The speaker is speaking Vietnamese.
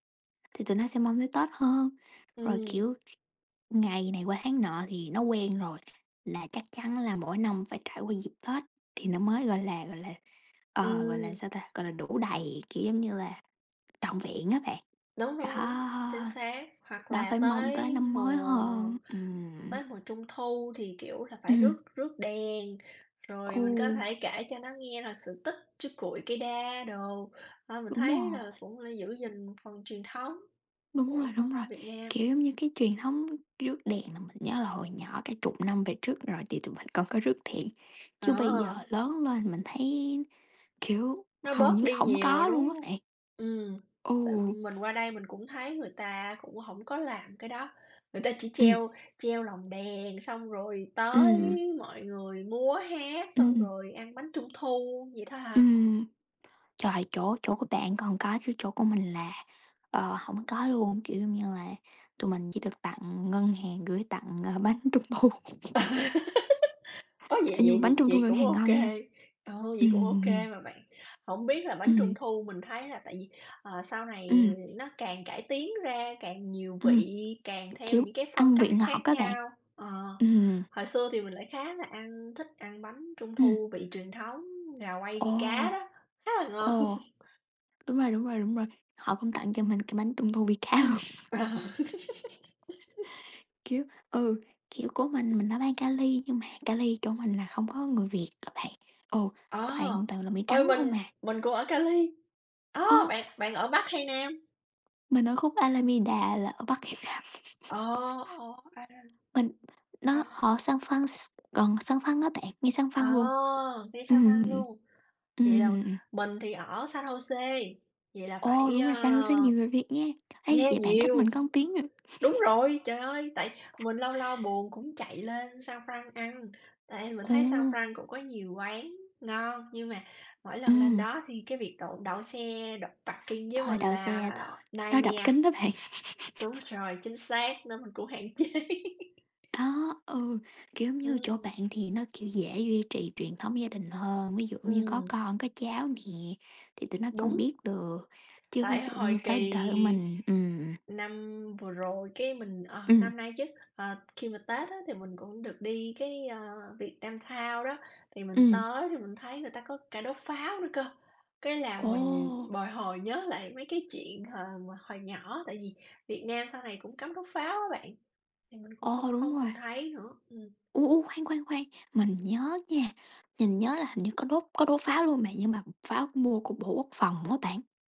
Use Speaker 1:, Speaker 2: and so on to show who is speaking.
Speaker 1: Thì tụi nó sẽ mong tới Tết hơn, rồi,
Speaker 2: Ừm.
Speaker 1: kiểu, ngày này qua tháng nọ thì nó quen rồi, là chắc chắn là mỗi năm phải trải qua dịp Tết thì nó mới, gọi là, gọi là, ờ, gọi là,
Speaker 2: Ừm.
Speaker 1: sao ta? Gọi là, đủ đầy, kiểu, giống như là trọn vẹn á bạn,
Speaker 2: Đúng, đúng, đúng,
Speaker 1: đó.
Speaker 2: chính xác. Hoặc
Speaker 1: Đó
Speaker 2: là
Speaker 1: phải mong tới
Speaker 2: tới
Speaker 1: năm mới
Speaker 2: mùa
Speaker 1: hơn. Ừm.
Speaker 2: tới mùa Trung thu thì, kiểu là, phải
Speaker 1: Ừm.
Speaker 2: rước rước đèn, rồi
Speaker 1: Ù.
Speaker 2: mình có thể kể cho nó nghe là sự tích chú Cuội cây đa đồ, ờ, mình
Speaker 1: Đúng
Speaker 2: thấy là
Speaker 1: rồi.
Speaker 2: cũng là giữ gìn phần truyền thống
Speaker 1: Đúng rồi,
Speaker 2: của văn
Speaker 1: đúng rồi,
Speaker 2: hóa Việt Nam.
Speaker 1: kiểu, giống như cái truyền thống rước đèn nhớ là hồi nhỏ cả chục năm về trước rồi, thì tụi mình còn có rước đèn,
Speaker 2: Ờ.
Speaker 1: chứ bây giờ lớn lên mình thấy, kiểu,
Speaker 2: Nó
Speaker 1: hầu
Speaker 2: bớt
Speaker 1: như
Speaker 2: đi
Speaker 1: hổng
Speaker 2: nhiều rồi,
Speaker 1: có luôn
Speaker 2: đúng
Speaker 1: á
Speaker 2: hông?
Speaker 1: bạn.
Speaker 2: Ừm, tại
Speaker 1: Ừ.
Speaker 2: mình qua đây mình cũng thấy người ta cũng hổng có làm cái đó, người ta chỉ
Speaker 1: Ừm.
Speaker 2: treo treo lồng đèn xong rồi tới
Speaker 1: Ừm.
Speaker 2: mọi người múa hát, xong
Speaker 1: Ừm.
Speaker 2: rồi ăn bánh Trung thu vậy thôi à.
Speaker 1: Ừm. Trời! Chỗ chỗ của bạn còn có chứ chỗ của mình là, ờ, hổng có luôn, kiểu như là, tụi mình chỉ được tặng ngân hàng gửi tặng, ờ, bánh Trung thu.
Speaker 2: Ơ, vậy
Speaker 1: Ê, nhưng
Speaker 2: vậy
Speaker 1: mà bánh
Speaker 2: vậy
Speaker 1: Trung thu
Speaker 2: vậy
Speaker 1: ngân
Speaker 2: cũng
Speaker 1: hàng
Speaker 2: ô
Speaker 1: ngon
Speaker 2: kê,
Speaker 1: nha.
Speaker 2: ừ, vậy cũng ô kê
Speaker 1: Ừm.
Speaker 2: mà bạn. Hổng biết là bánh Trung
Speaker 1: Ừm.
Speaker 2: thu mình thấy là tại vì, ờ, sau này
Speaker 1: Ừm.
Speaker 2: nó càng cải tiến ra càng nhiều
Speaker 1: Ừm,
Speaker 2: vị càng theo
Speaker 1: kiểu,
Speaker 2: những cái phong
Speaker 1: ăn
Speaker 2: cách
Speaker 1: vị ngọt
Speaker 2: khác
Speaker 1: á bạn.
Speaker 2: nhau. Ờ,
Speaker 1: Ừm hừm.
Speaker 2: hồi xưa thì mình lại khá là ăn thích ăn bánh Trung
Speaker 1: Ừm.
Speaker 2: thu vị truyền thống, gà quay
Speaker 1: Ồ!
Speaker 2: vi cá đó, khá là ngon!
Speaker 1: Ồ! Đúng rồi, đúng rồi, đúng rồi, họ cũng tặng cho mình cái bánh Trung thu vi cá luôn.
Speaker 2: Ờ.
Speaker 1: Kiểu, ừ, kiểu, của mình mình ở bang Cali nhưng mà Cali chỗ mình là không có người Việt á bạn. Ừ,
Speaker 2: Ờ,
Speaker 1: toàn toàn là Mỹ
Speaker 2: ôi,
Speaker 1: trắng không
Speaker 2: mình
Speaker 1: à.
Speaker 2: mình cũng ở Cali. Ơ,
Speaker 1: Ơ!
Speaker 2: bạn bạn ở Bắc hay Nam?
Speaker 1: Mình ở khúc Alameda là ở Bắc [unintelligible] Nam.
Speaker 2: Ờ, ô, a,
Speaker 1: Mình nó
Speaker 2: ra là
Speaker 1: ở San Franc gần San Franc á bạn, ngay San
Speaker 2: Ờ,
Speaker 1: Franc luôn.
Speaker 2: ngay San
Speaker 1: Ừm,
Speaker 2: Franc
Speaker 1: ừm.
Speaker 2: luôn? Vậy là
Speaker 1: Ừm.
Speaker 2: mình thì ở San Jose, vậy là
Speaker 1: Ồ!
Speaker 2: phải,
Speaker 1: Đúng
Speaker 2: à
Speaker 1: rồi San Jose nhiều người Việt nha, hay
Speaker 2: yeah,
Speaker 1: vậy, bạn cách mình
Speaker 2: nhiều.
Speaker 1: có 1 tiếng à.
Speaker 2: Đúng rồi, trời ơi! Tại mình lâu lâu buồn cũng chạy lên San Franc ăn, tại mình thấy San
Speaker 1: Ồ!
Speaker 2: Franc cũng có nhiều quán ngon, nhưng mà mỗi lần lên
Speaker 1: Ừm.
Speaker 2: đó thì cái việc đậu đậu xe đậu parking với
Speaker 1: Thôi,
Speaker 2: mình
Speaker 1: đậu
Speaker 2: là
Speaker 1: xe thôi, nó đập
Speaker 2: nightmare.
Speaker 1: kính đó bạn.
Speaker 2: Đúng rồi, chính xác nên mình cũng hạn chế.
Speaker 1: Đó, ừ, kiểu như, chỗ
Speaker 2: Ừm.
Speaker 1: bạn thì nó, kiểu, dễ duy trì truyền thống gia đình hơn, ví dụ như có
Speaker 2: Ừm.
Speaker 1: con, có cháu nè, thì tụi nó còn
Speaker 2: Đúng.
Speaker 1: biết được, chứ ví
Speaker 2: Tại
Speaker 1: dụ như
Speaker 2: hồi
Speaker 1: tới
Speaker 2: kỳ
Speaker 1: đời của mình ừm.
Speaker 2: năm vừa rồi, cái, mình ờ,
Speaker 1: Ừm.
Speaker 2: năm nay chứ, ờ, khi mà Tết á thì mình cũng được đi cái, ờ, Vietnam Town đó, thì mình
Speaker 1: Ừm.
Speaker 2: tới thì mình thấy người ta có cả đốt pháo nữa cơ. Cái là mình
Speaker 1: Ồ!
Speaker 2: bồi hồi nhớ lại mấy cái chuyện h hồi nhỏ. Tại vì Việt Nam sau này cũng cấm đốt pháo á bạn, thì mình cũng
Speaker 1: Ồ!
Speaker 2: hông
Speaker 1: Đúng
Speaker 2: hông
Speaker 1: rồi.
Speaker 2: còn thấy nữa. Ừm.
Speaker 1: U, u, khoan, khoan, khoan, mình nhớ nha, nhìn nhớ là hình như có đốt có đốt pháo luôn mà, nhưng mà pháo mua của bộ Quốc phòng đó bạn.